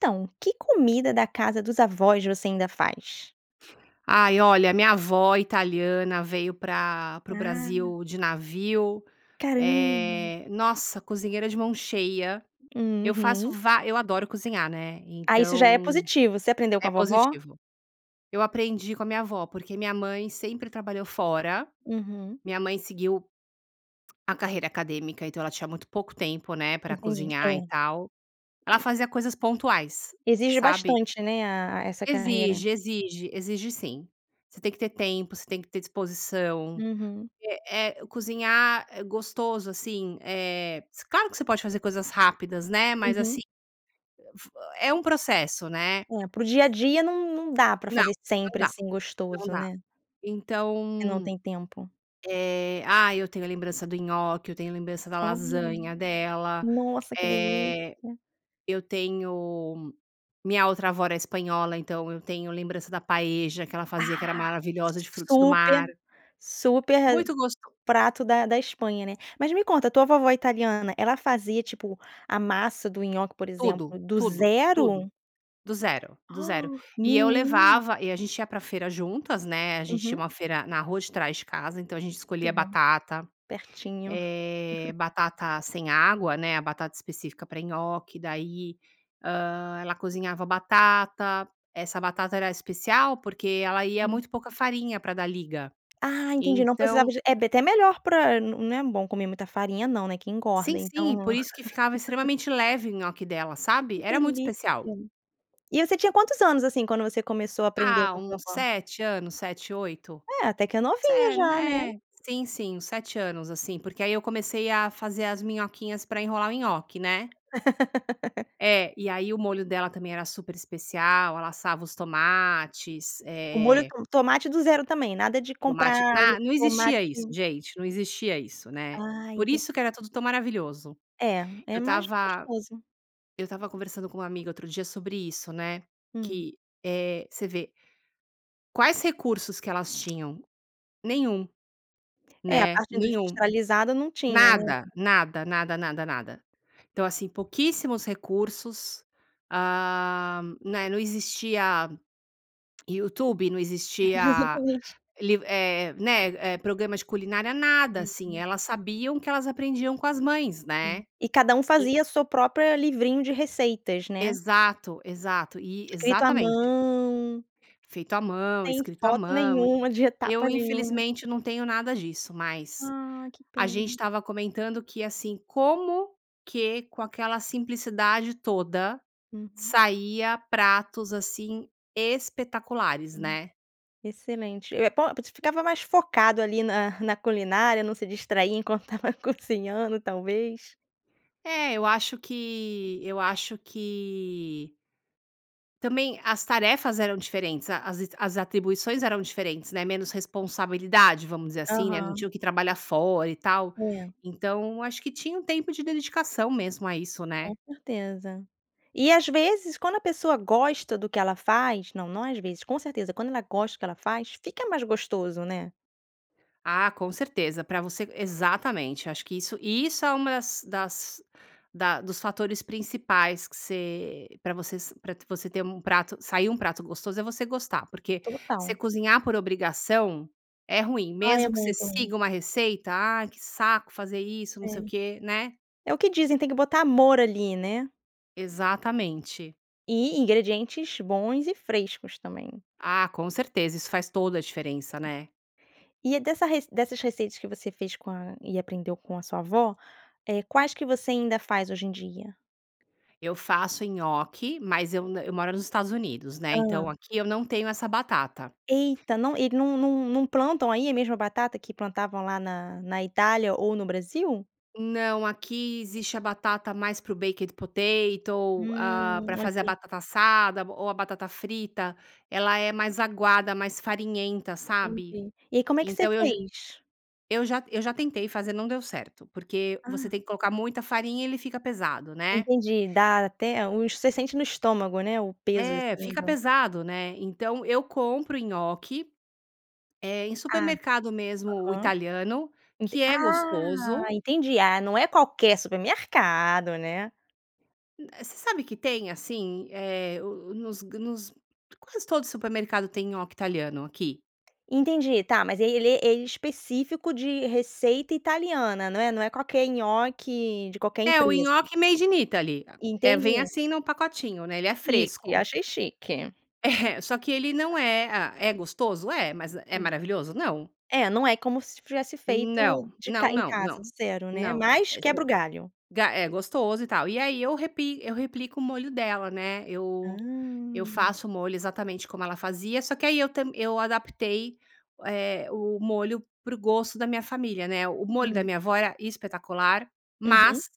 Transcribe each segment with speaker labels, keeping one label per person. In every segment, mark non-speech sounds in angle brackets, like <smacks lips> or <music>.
Speaker 1: Então, que comida da casa dos avós você ainda faz?
Speaker 2: Ai olha, a minha avó italiana veio pra para o
Speaker 1: Ah.
Speaker 2: Brasil de navio,
Speaker 1: Caramba.
Speaker 2: eh, nossa cozinheira de mão cheia. Eu faço
Speaker 1: Uhum.
Speaker 2: vá eu adoro cozinhar, né,
Speaker 1: Ah, isso já é
Speaker 2: então
Speaker 1: positivo. Você aprendeu com
Speaker 2: é
Speaker 1: a vovó?
Speaker 2: positivo. Eu aprendi com a minha avó, porque minha mãe sempre trabalhou fora.
Speaker 1: Uhum.
Speaker 2: Minha mãe seguiu a carreira acadêmica, então ela tinha muito pouco tempo, né, pra
Speaker 1: Entendi, é.
Speaker 2: cozinhar e tal, ela fazia
Speaker 1: <unintelligible>
Speaker 2: coisas pontuais,
Speaker 1: Exige
Speaker 2: sabe?
Speaker 1: bastante, né? A essa carreira.
Speaker 2: Exige, exige, exige sim, você tem que ter tempo. Você tem que ter disposição,
Speaker 1: Uhum.
Speaker 2: eh eh, cozinhar, é gostoso, assim, eh, claro que você pode fazer coisas rápidas, né, mas
Speaker 1: Uhum.
Speaker 2: assim, fe é um processo, né?
Speaker 1: É pro dia a dia, não não dá para
Speaker 2: Não,
Speaker 1: fazer
Speaker 2: não
Speaker 1: sempre,
Speaker 2: dá,
Speaker 1: assim,
Speaker 2: não
Speaker 1: gostoso,
Speaker 2: dá,
Speaker 1: né? Você não
Speaker 2: então,
Speaker 1: tem tempo.
Speaker 2: eh, ah, eu tenho a lembrança do nhoque, eu tenho lembrança da
Speaker 1: Olha,
Speaker 2: lasanha dela,
Speaker 1: nossa que
Speaker 2: eh,
Speaker 1: delícia!
Speaker 2: eu tenho minha outra avó é espanhola, então eu tenho lembrança da paella que ela fazia, que era
Speaker 1: Ah,
Speaker 2: maravilhosa de frutos do
Speaker 1: super
Speaker 2: mar.
Speaker 1: super
Speaker 2: Muito gostoso.
Speaker 1: prato da da Espanha, né? Mas me conta a tua vovó italiana, ela fazia tipo a massa do nhoque, por exemplo,
Speaker 2: Tudo,
Speaker 1: do
Speaker 2: tudo, tudo,
Speaker 1: zero?
Speaker 2: do zero, do zero,
Speaker 1: Ah,
Speaker 2: e eu
Speaker 1: menina.
Speaker 2: levava e a gente ia pra feira juntas, né, a gente tinha
Speaker 1: Uhum.
Speaker 2: uma feira na rua de trás de casa, então a gente
Speaker 1: Que
Speaker 2: escolhia
Speaker 1: bom,
Speaker 2: batata,
Speaker 1: pertinho.
Speaker 2: eh,
Speaker 1: <giggles>
Speaker 2: batata sem água, né. A batata específica para nhoque, daí, hã, ela cozinhava batata. Essa batata era especial, porque ela ia
Speaker 1: Hum.
Speaker 2: muito pouca farinha para dar liga,
Speaker 1: Ah, entendi, não precisava
Speaker 2: então
Speaker 1: de é até melhor pra não é bom comer muita farinha, não, né. Que engorda
Speaker 2: Sim, sim, por
Speaker 1: então.
Speaker 2: isso que ficava
Speaker 1: <laughs>
Speaker 2: extremamente leve em nhoque dela, sabe?
Speaker 1: Que
Speaker 2: Era muito
Speaker 1: delícia.
Speaker 2: especial.
Speaker 1: E você tinha quantos anos, assim, quando você começou a aprender
Speaker 2: Ah,
Speaker 1: com a sua
Speaker 2: uns
Speaker 1: avó?
Speaker 2: 7 anos, 7, 8,
Speaker 1: É até que é
Speaker 2: se
Speaker 1: novinha já, né?
Speaker 2: né, sim, sim, uns 7 anos, assim, porque aí eu comecei a fazer as minhoquinhas pra enrolar o nhoque, né?
Speaker 1: <laughs>
Speaker 2: É, e aí o molho dela também era super especial. Ela assava os tomates,
Speaker 1: O molho
Speaker 2: eh
Speaker 1: tom tomate do zero também nada de
Speaker 2: Tomate,
Speaker 1: comprar molho
Speaker 2: na
Speaker 1: de
Speaker 2: não existia isso,
Speaker 1: tomate.
Speaker 2: gente, não existia isso, né.
Speaker 1: Ah,
Speaker 2: Por
Speaker 1: enten
Speaker 2: isso que era tudo tão maravilhoso,
Speaker 1: É,
Speaker 2: eu
Speaker 1: é mais
Speaker 2: estava
Speaker 1: gostoso.
Speaker 2: eu estava conversando com uma amiga outro dia sobre isso, né?
Speaker 1: Hum.
Speaker 2: Que, eh, você vê quais recursos que elas tinham? Nenhum.
Speaker 1: É a
Speaker 2: Né.
Speaker 1: parte
Speaker 2: Nenhum.
Speaker 1: industrializada, não tinha, né?
Speaker 2: Nada, nada, nada, nada, nada. Então, assim, pouquíssimos recursos, ah, né. Não existia. YouTube não existia
Speaker 1: Exatamente.
Speaker 2: liv eh, né, eh, programas de culinária, nada assim.
Speaker 1: Uhum.
Speaker 2: Elas sabiam que elas aprendiam com as mães, né?
Speaker 1: E cada um
Speaker 2: E.
Speaker 1: fazia a sua própria livrinho de receitas, né.
Speaker 2: Exato, exato, eh,
Speaker 1: Escrito a
Speaker 2: exatamente.
Speaker 1: mão.
Speaker 2: Feito à mão,
Speaker 1: Sem
Speaker 2: escrito à
Speaker 1: foto
Speaker 2: mão.
Speaker 1: nenhuma de etapa
Speaker 2: Eu,
Speaker 1: nenhuma.
Speaker 2: infelizmente, não tenho nada disso mais.
Speaker 1: Ah, que
Speaker 2: A gente
Speaker 1: pena.
Speaker 2: estava comentando que, assim, como que com aquela simplicidade toda
Speaker 1: Uhum.
Speaker 2: saía pratos, assim, espetaculares,
Speaker 1: Hum,
Speaker 2: né?
Speaker 1: excelente, eh, po você ficava mais focado ali na na culinária, não se distraía enquanto estava cozinhando, talvez.
Speaker 2: É, eu acho que eu acho que também as tarefas eram diferentes, a as as atribuições eram diferentes, né, menos responsabilidade, vamos dizer assim, né, não
Speaker 1: Aham.
Speaker 2: tinham que trabalhar fora e tal,
Speaker 1: É.
Speaker 2: então acho que tinha um tempo de dedicação mesmo a isso, né.
Speaker 1: Com certeza. E às vezes quando a pessoa gosta do que ela faz não, não, às vezes, com certeza, quando ela gosta do que ela faz, fica mais gostoso, né.
Speaker 2: Ah, com certeza, pra você exatamente, acho que isso e isso é uma das das da dos fatores principais que você pra vocês pra você ter um prato sair um prato gostoso é você gostar. Porque você
Speaker 1: Total.
Speaker 2: cozinhar por obrigação é ruim,
Speaker 1: Ai, é
Speaker 2: mesmo que você
Speaker 1: muito ruim.
Speaker 2: siga uma receita: "Ah, que saco fazer isso, não
Speaker 1: É.
Speaker 2: sei o quê", né.
Speaker 1: É o que dizem, tem que botar amor ali, né.
Speaker 2: Exatamente.
Speaker 1: E ingredientes bons e frescos também.
Speaker 2: Ah, com certeza. Isso faz toda a diferença, né.
Speaker 1: E é dessa re dessas receitas que você fez com a e aprendeu com a sua avó, eh, quais que você ainda faz hoje em dia?
Speaker 2: Eu faço nhoque, mas eu na eu moro nos Estados Unidos, né?
Speaker 1: Hã.
Speaker 2: Então aqui eu não tenho essa batata.
Speaker 1: Eita não, e não não não plantam aí a mesma batata que plantavam lá na na Itália ou no Brasil?
Speaker 2: Não. Aqui existe a batata mais para o baked potato. Ah,
Speaker 1: Hum,
Speaker 2: pra fazer a
Speaker 1: ok.
Speaker 2: batata assada ou a batata frita. Ela é mais aguada, mais farinhenta, sabe?
Speaker 1: Entendi. E aí, como é que você
Speaker 2: Então eu j
Speaker 1: fez?
Speaker 2: eu já eu já tentei fazer, não deu certo, porque você
Speaker 1: Ah.
Speaker 2: tem que colocar muita farinha e ele fica pesado, né?
Speaker 1: Entendi, dá até os, você sente no estômago, né? O peso
Speaker 2: É,
Speaker 1: assim
Speaker 2: fica
Speaker 1: do
Speaker 2: pesado, né. Então eu compro nhoque, eh, em
Speaker 1: Ah,
Speaker 2: supermercado mesmo
Speaker 1: aham.
Speaker 2: italiano,
Speaker 1: Enten
Speaker 2: que é
Speaker 1: ah!
Speaker 2: gostoso.
Speaker 1: Entendi. Ah, não é qualquer supermercado, né?
Speaker 2: Hum eh, você sabe que tem, assim, eh, o nos nos quase todo supermercado tem nhoque italiano aqui.
Speaker 1: <smacks lips> Entendi, tá, mas ele é ele é específico de receita italiana, não é? Não é qualquer nhoque de qualquer
Speaker 2: É, o
Speaker 1: empresa.
Speaker 2: nhoque made in Italy, é, vem
Speaker 1: Entendi.
Speaker 2: assim num pacotinho, né? Ele é
Speaker 1: Chique,
Speaker 2: fresco.
Speaker 1: achei chique.
Speaker 2: É, só que ele não
Speaker 1: <laughs>
Speaker 2: é ah, é gostoso, é, mas é
Speaker 1: Hum.
Speaker 2: maravilhoso, não.
Speaker 1: É, não é como se tivesse feito
Speaker 2: Não
Speaker 1: de ca
Speaker 2: não
Speaker 1: em
Speaker 2: não
Speaker 1: casa
Speaker 2: não
Speaker 1: do zero, né.
Speaker 2: não,
Speaker 1: Mas
Speaker 2: eh, se
Speaker 1: quebra o galho.
Speaker 2: ga é gostoso e tal. E aí eu repi eu replico o molho dela, né. Eu eu
Speaker 1: Hum.
Speaker 2: faço o molho exatamente como ela fazia. Só que aí eu tam eu adaptei, eh, o molho para o gosto da minha família, né. O molho da
Speaker 1: Hum.
Speaker 2: minha avó era espetacular,
Speaker 1: Uhum.
Speaker 2: mas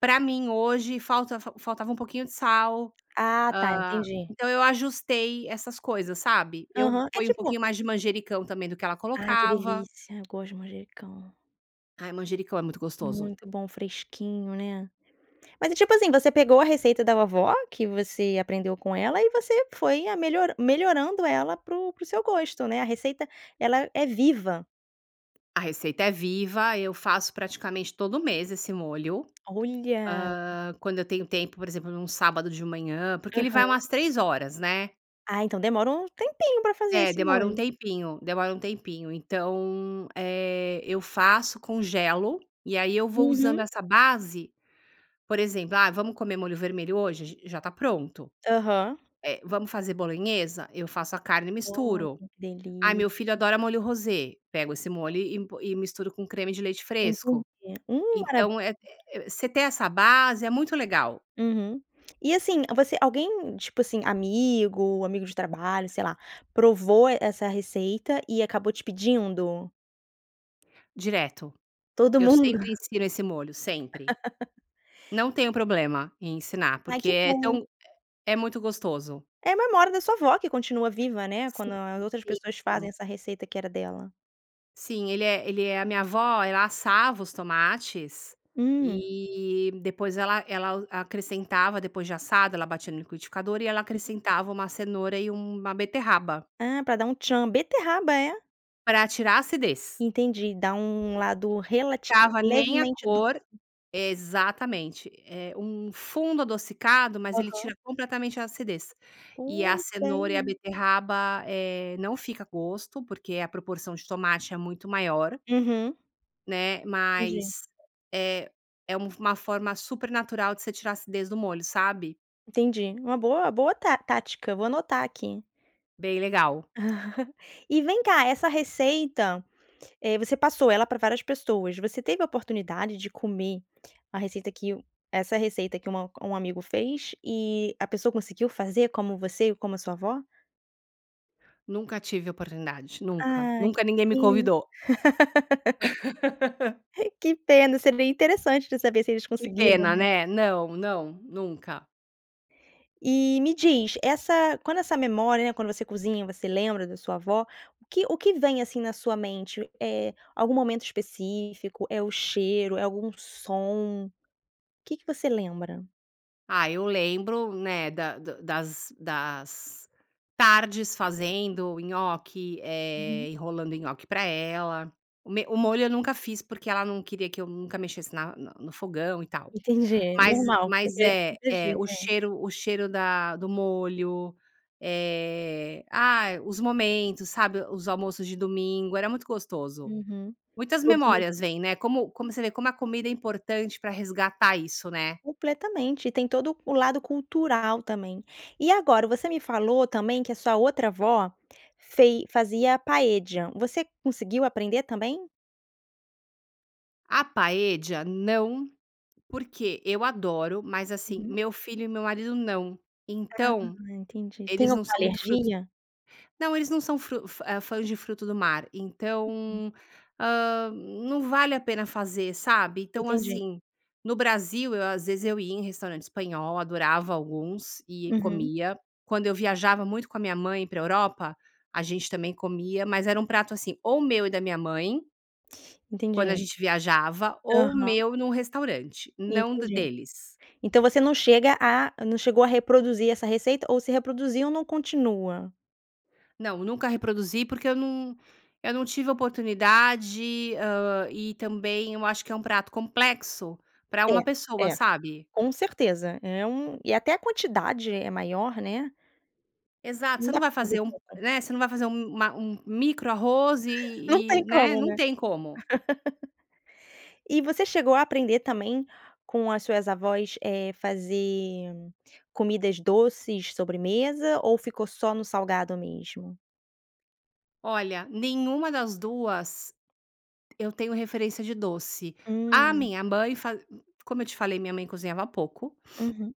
Speaker 2: pra mim hoje falta fa faltava um pouquinho de sal,
Speaker 1: Ah, tá,
Speaker 2: ah,
Speaker 1: entendi.
Speaker 2: então eu ajustei essas coisas, sabe? Eu
Speaker 1: Aham, é
Speaker 2: ponho um
Speaker 1: tipo
Speaker 2: pouquinho mais de manjericão também do que ela
Speaker 1: ai, que
Speaker 2: colocava.
Speaker 1: delícia! Eu gosto de manjericão.
Speaker 2: Ai, manjericão é muito gostoso.
Speaker 1: Muito bom, fresquinho, né, mas é, tipo assim, você pegou a receita da vovó que você aprendeu com ela e você foi a melhoran melhorando ela para o para o seu gosto, né, a receita, ela é viva.
Speaker 2: A receita é viva. Eu faço praticamente todo mês esse molho.
Speaker 1: Olha!
Speaker 2: Ah, quando eu tenho tempo, por exemplo, num sábado de manhã, porque ele vai umas
Speaker 1: Aham.
Speaker 2: 3h, né?
Speaker 1: Ah, então demora um tempinho pra fazer
Speaker 2: É,
Speaker 1: esse
Speaker 2: demora um
Speaker 1: molho.
Speaker 2: tempinho demora um tempinho, então, eh, eu faço, congelo e aí eu vou usando
Speaker 1: Uhum.
Speaker 2: essa base, por exemplo, ah, vamos comer molho vermelho hoje j já está pronto,
Speaker 1: Aham.
Speaker 2: eh, vamos fazer bolonhesa, eu faço a carne e
Speaker 1: Oh,
Speaker 2: misturo.
Speaker 1: que
Speaker 2: Ai,
Speaker 1: delícia.
Speaker 2: meu filho adora molho rosé, pego esse molho e po e misturo com creme de leite
Speaker 1: Entendi,
Speaker 2: fresco.
Speaker 1: hum
Speaker 2: Então
Speaker 1: maravilha.
Speaker 2: eh eh você ter essa base, é muito legal.
Speaker 1: Uhum e assim você alguém, tipo assim, amigo, amigo de trabalho, sei lá, provou essa receita e acabou te pedindo.
Speaker 2: Direto.
Speaker 1: Todo
Speaker 2: Eu
Speaker 1: mundo.
Speaker 2: sempre ensino esse molho sempre.
Speaker 1: <laughs>
Speaker 2: Não tenho problema em ensinar,
Speaker 1: Ai,
Speaker 2: porque
Speaker 1: que
Speaker 2: é
Speaker 1: bom.
Speaker 2: tão é muito gostoso.
Speaker 1: É a memória da sua avó, que continua viva, né,
Speaker 2: Sim
Speaker 1: quando as outras
Speaker 2: sim
Speaker 1: pessoas fazem
Speaker 2: sim.
Speaker 1: essa receita que era dela.
Speaker 2: Sim, ele é ele é a minha avó, ela assava os tomates
Speaker 1: Hum.
Speaker 2: e, depois ela ela acrescentava, depois de assado, ela batia no liquidificador e ela
Speaker 1: Uhum.
Speaker 2: acrescentava uma cenoura e uma beterraba.
Speaker 1: Ah, pra dar um tchan, beterraba é?
Speaker 2: Pra atirar a acidez.
Speaker 1: Entendi, dá um lado
Speaker 2: <unintelligible>
Speaker 1: relati
Speaker 2: ficava nem a
Speaker 1: levemente doce.
Speaker 2: cor, exatamente é um fundo adocicado, mas ele
Speaker 1: Aham.
Speaker 2: tira completamente a acidez e a
Speaker 1: Não
Speaker 2: cenoura e a
Speaker 1: tem.
Speaker 2: beterraba, eh, não fica gosto, porque a proporção de tomate é muito maior
Speaker 1: Uhum.
Speaker 2: né,
Speaker 1: Entendi.
Speaker 2: mas é é um uma forma supernatural de você tirar acidez do molho, sabe.
Speaker 1: Entendi, uma boa boa tá tática, vou anotar aqui.
Speaker 2: Bem legal.
Speaker 1: <laughs> E vem cá, essa receita, eh, você passou ela pra várias pessoas, você teve a oportunidade de comer a receita que o essa receita que uma um amigo fez, e a pessoa conseguiu fazer como você, e como a sua avó?
Speaker 2: Nunca tive oportunidade, nunca
Speaker 1: Ah, que
Speaker 2: nunca ninguém me
Speaker 1: pena.
Speaker 2: convidou.
Speaker 1: <laughs>
Speaker 2: <laughs>
Speaker 1: Que pena, seria interessante de saber se eles
Speaker 2: Que
Speaker 1: conseguiram,
Speaker 2: pena,
Speaker 1: né.
Speaker 2: né, não não, nunca.
Speaker 1: E me diz essa quando essa memória, né, quando você cozinha, você lembra da sua avó, o que o que vem, assim, na sua mente, eh, algum momento específico, é o cheiro, é algum som. O que que você lembra?
Speaker 2: Ah, eu lembro, né, da da das das tardes fazendo nhoque,
Speaker 1: Uhum.
Speaker 2: eh, enrolando nhoque pra ela, o me o molho eu nunca fiz, porque ela não queria que eu nunca mexesse na na no fogão e tal,
Speaker 1: Entendi,
Speaker 2: mas
Speaker 1: normal,
Speaker 2: mas
Speaker 1: porque
Speaker 2: é é
Speaker 1: imagi
Speaker 2: o
Speaker 1: é.
Speaker 2: cheiro o cheiro da do molho, eh, ah, os momentos, sabe, os almoços de domingo era muito gostoso.
Speaker 1: Uhum,
Speaker 2: Muitas
Speaker 1: todo mundo.
Speaker 2: memórias vêm, né, como como você vê, como a comida é importante para resgatar isso, né?
Speaker 1: Completamente. E tem todo o lado cultural também. E agora você me falou também que a sua outra avó fei fazia paella, você conseguiu aprender também?
Speaker 2: A Paella não, porque eu adoro, mas, assim,
Speaker 1: Uhum.
Speaker 2: meu filho e meu marido não.
Speaker 1: Ah,
Speaker 2: Então,
Speaker 1: entendi. Tem
Speaker 2: eles não
Speaker 1: alguma
Speaker 2: são muito frutos
Speaker 1: alergia?
Speaker 2: não, eles não são fru fa eh, fãs de fruto do mar,
Speaker 1: Uhum.
Speaker 2: então, ah, não vale a pena fazer, sabe. Então,
Speaker 1: Entendi.
Speaker 2: assim, no Brasil, eu às vezes eu ia em restaurante espanhol, adorava alguns e
Speaker 1: Uhum.
Speaker 2: comia. Quando eu viajava muito com a minha mãe pra Europa, a gente também comia, mas era um prato, assim, ou meu e da minha mãe Quando a
Speaker 1: Entendi.
Speaker 2: gente viajava, ou
Speaker 1: Aham.
Speaker 2: meu num restaurante, não d
Speaker 1: Entendi.
Speaker 2: deles.
Speaker 1: Então você não chega a não chegou a reproduzir essa receita ou se reproduziu não continua?
Speaker 2: Não, nunca reproduzi porque eu não eu não tive oportunidade, hã, e também eu acho que é um prato complexo pra uma
Speaker 1: É,
Speaker 2: pessoa,
Speaker 1: é,
Speaker 2: sabe?
Speaker 1: com certeza, é um e até a quantidade é maior, né?
Speaker 2: Exato.
Speaker 1: Não
Speaker 2: Você
Speaker 1: dá
Speaker 2: não vai
Speaker 1: pra fazer
Speaker 2: fazer um p
Speaker 1: tudo.
Speaker 2: né você não vai fazer um uma um micro arroz
Speaker 1: <laughs> Não
Speaker 2: e
Speaker 1: tem
Speaker 2: e, né?
Speaker 1: como,
Speaker 2: Não
Speaker 1: né?
Speaker 2: tem como.
Speaker 1: <laughs> E você chegou a aprender também com as suas avós, eh, fazer comidas doces, sobremesa ou ficou só no salgado mesmo?
Speaker 2: Olha, nenhuma das 2 eu tenho referência de doce. A
Speaker 1: Hum.
Speaker 2: minha mãe faz c como eu te falei, minha mãe cozinhava pouco
Speaker 1: Uhum.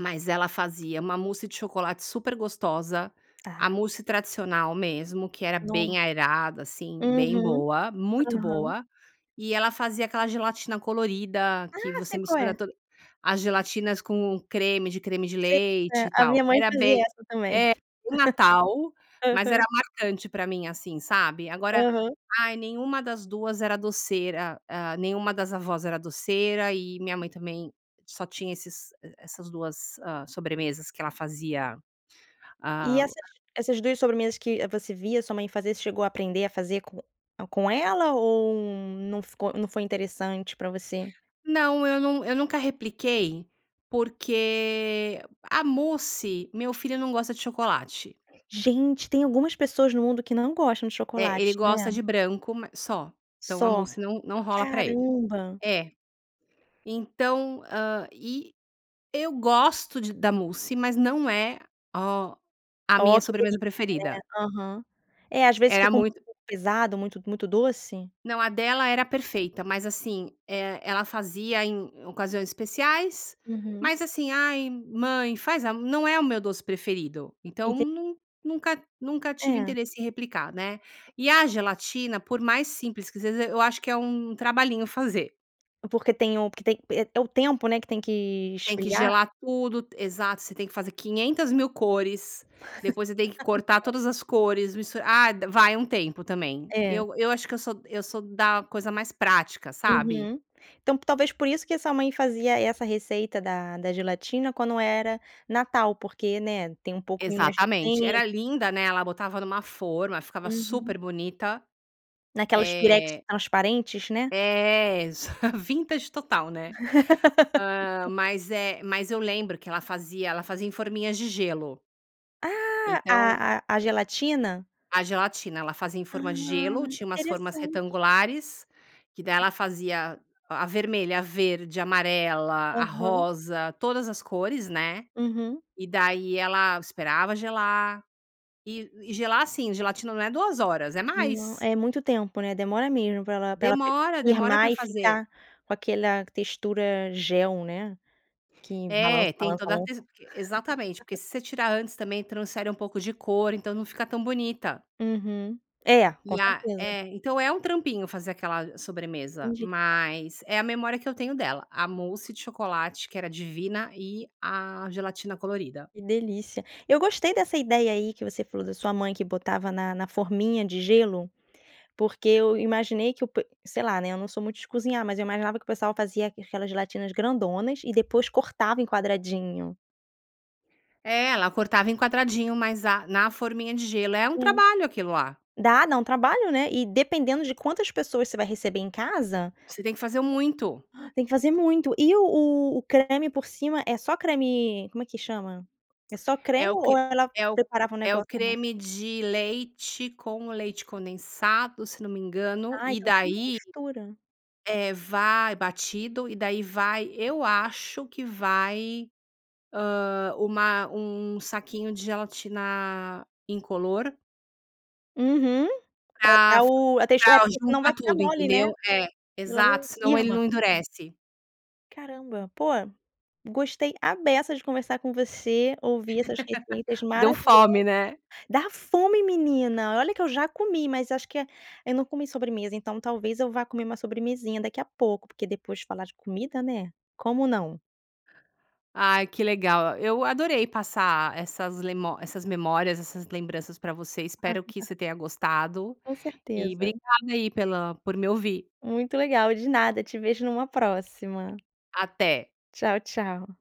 Speaker 2: mas ela fazia uma mousse de chocolate super gostosa, a
Speaker 1: Ah.
Speaker 2: mousse tradicional, mesmo que era bem
Speaker 1: No
Speaker 2: aerada, assim, bem
Speaker 1: uhum,
Speaker 2: boa, muito
Speaker 1: aham.
Speaker 2: boa. E ela fazia aquela gelatina colorida, que
Speaker 1: Ah,
Speaker 2: você
Speaker 1: sei qual
Speaker 2: mistura
Speaker 1: é!
Speaker 2: toda as gelatinas com o creme de creme de
Speaker 1: Sei,
Speaker 2: leite
Speaker 1: eh,
Speaker 2: e
Speaker 1: a
Speaker 2: tal.
Speaker 1: minha mãe
Speaker 2: Era
Speaker 1: fazia
Speaker 2: bem,
Speaker 1: essa também.
Speaker 2: é
Speaker 1: <laughs>
Speaker 2: no Natal, mas era
Speaker 1: Aham.
Speaker 2: marcante pra mim, assim, sabe? Agora
Speaker 1: Aham.
Speaker 2: ai, nenhuma das 2 era doceira, ah, nenhuma das avós era doceira e minha mãe também só tinha esses e essas 2, hã, sobremesas que ela fazia.
Speaker 1: E
Speaker 2: Ah
Speaker 1: essas essas 2 sobremesas que, eh, você via a sua mãe fazer, você chegou a aprender a fazer com com ela ou não ficou não foi interessante pra você?
Speaker 2: Não, eu nu eu nunca repliquei porque a mousse meu filho não gosta de chocolate.
Speaker 1: Gente, tem algumas pessoas no mundo que não gostam de
Speaker 2: É, ele
Speaker 1: chocolate, né?
Speaker 2: gosta de branco, ma só, então a
Speaker 1: Só.
Speaker 2: mousse não não rola pra ele.
Speaker 1: Caramba.
Speaker 2: É. Então, hã, e eu gosto de da mousse, mas não é ó a
Speaker 1: Oh,
Speaker 2: minha
Speaker 1: que delícia,
Speaker 2: sobremesa
Speaker 1: né?
Speaker 2: preferida.
Speaker 1: Aham, é, às vezes
Speaker 2: Era
Speaker 1: fica um
Speaker 2: muito
Speaker 1: pouco pesado, muito muito doce.
Speaker 2: não, a dela era perfeita, mas assim, eh, ela fazia em ocasiões especiais,
Speaker 1: Uhum.
Speaker 2: mas assim: "Ai, mãe faz a m", não é o meu doce preferido. Então
Speaker 1: Enten
Speaker 2: nun nunca nunca tive
Speaker 1: É.
Speaker 2: interesse em replicar, né. E a gelatina, por mais simples que seja, eu acho que é um trabalhinho fazer.
Speaker 1: Porque tem o porque tem é é o tempo, né, que tem que
Speaker 2: Tem que
Speaker 1: esfriar.
Speaker 2: gelar tudo, t exato. Você tem que fazer 500.000 cores. Depois você tem que cortar
Speaker 1: <laughs>
Speaker 2: todas as cores, mistur ah, vai um tempo também.
Speaker 1: É.
Speaker 2: Eu eu acho que eu sou eu sou da coisa mais prática, sabe.
Speaker 1: Uhum. Então, talvez por isso que a sua mãe fazia essa receita da da gelatina quando era Natal, porque, né, tem um pouquinho mais de
Speaker 2: Exatamente.
Speaker 1: tempo.
Speaker 2: Era linda, né, ela botava numa forma, ficava super
Speaker 1: Uhum.
Speaker 2: bonita,
Speaker 1: Naquelas pirex
Speaker 2: eh
Speaker 1: transparentes, né?
Speaker 2: é <laughs> vintage total, né? Ah,
Speaker 1: <laughs>
Speaker 2: mas é mas eu lembro que ela fazia ela fazia em forminhas de gelo.
Speaker 1: Ah, a
Speaker 2: Então
Speaker 1: a a gelatina?
Speaker 2: a gelatina. Ela fazia em forma de
Speaker 1: Ah,
Speaker 2: gelo tinha umas formas
Speaker 1: interessante.
Speaker 2: retangulares, que daí ela fazia a vermelha, a verde, amarela, a
Speaker 1: Aham.
Speaker 2: rosa, todas as cores, né,
Speaker 1: Uhum.
Speaker 2: e daí ela esperava gelar e e gelar assim, gelatina não é 2 horas, é
Speaker 1: Não,
Speaker 2: mais.
Speaker 1: é muito tempo, né, demora mesmo pra ela pra ela f
Speaker 2: Demora, demora pra
Speaker 1: firmar e
Speaker 2: fazer.
Speaker 1: ficar com aquela textura gel, né, que balança,
Speaker 2: É, tem
Speaker 1: balança,
Speaker 2: toda a
Speaker 1: balança.
Speaker 2: te exatamente, porque
Speaker 1: <laughs>
Speaker 2: se você tirar antes também transfere um pouco de cor, então não fica tão bonita.
Speaker 1: Uhum, é. Com
Speaker 2: E a
Speaker 1: certeza.
Speaker 2: é, então é um trampinho fazer aquela i sobremesa,
Speaker 1: Entendi.
Speaker 2: mas, é a memória que eu tenho dela. A mousse de chocolate, que era divina e a gelatina colorida.
Speaker 1: Que delícia. Eu gostei dessa ideia aí que você falou da sua mãe, que botava na na forminha de gelo, porque eu imaginei que o pe sei lá, né, eu não sou muito de cozinhar, mas eu imaginava que o pessoal fazia aquelas gelatinas grandonas e depois cortava em quadradinho.
Speaker 2: É, ela cortava em quadradinho, mas a na forminha de gelo é um
Speaker 1: É.
Speaker 2: trabalho, aquilo lá.
Speaker 1: Dá dá um trabalho, né. E dependendo de quantas pessoas você vai receber em casa
Speaker 2: Você tem que fazer muito.
Speaker 1: tem que fazer muito e o o o creme por cima é só creme, como é que chama? É só creme
Speaker 2: É o
Speaker 1: ou
Speaker 2: que
Speaker 1: ela
Speaker 2: é o
Speaker 1: preparava um
Speaker 2: é o
Speaker 1: negócio a mais?
Speaker 2: creme de leite com o leite condensado, se não me engano.
Speaker 1: Ah,
Speaker 2: E
Speaker 1: então uma
Speaker 2: daí
Speaker 1: mistura.
Speaker 2: é, vai batido e daí vai eu acho que vai, ah, uma um saquinho de gelatina incolor.
Speaker 1: Uhum pra
Speaker 2: Pra
Speaker 1: dar o a tex
Speaker 2: pra
Speaker 1: porque se não vai
Speaker 2: juntar
Speaker 1: ficar
Speaker 2: tudo,
Speaker 1: mole, né.
Speaker 2: entendeu? É
Speaker 1: Ela
Speaker 2: exato,
Speaker 1: não
Speaker 2: senão ele
Speaker 1: firma.
Speaker 2: não endurece.
Speaker 1: Caramba, pô, gostei à beça de conversar com você. Ouvir essas receitas
Speaker 2: <laughs> .Deu
Speaker 1: maravilhosas
Speaker 2: fome, né?
Speaker 1: dá fome, menina, olha que eu já comi, mas acho que é, eu não comi sobremesa, então talvez eu vá comer uma sobremesinha daqui a pouco. Porque depois de falar de comida, né, como não?
Speaker 2: Ai que legal, eu adorei passar essas lemo essas memórias, essas lembranças pra você. Espero que
Speaker 1: <chuckles>
Speaker 2: você tenha gostado
Speaker 1: Com
Speaker 2: e
Speaker 1: certeza.
Speaker 2: obrigada aí pela por me ouvir.
Speaker 1: Muito legal, de nada, te vejo numa próxima.
Speaker 2: Até.
Speaker 1: Tchau tchau.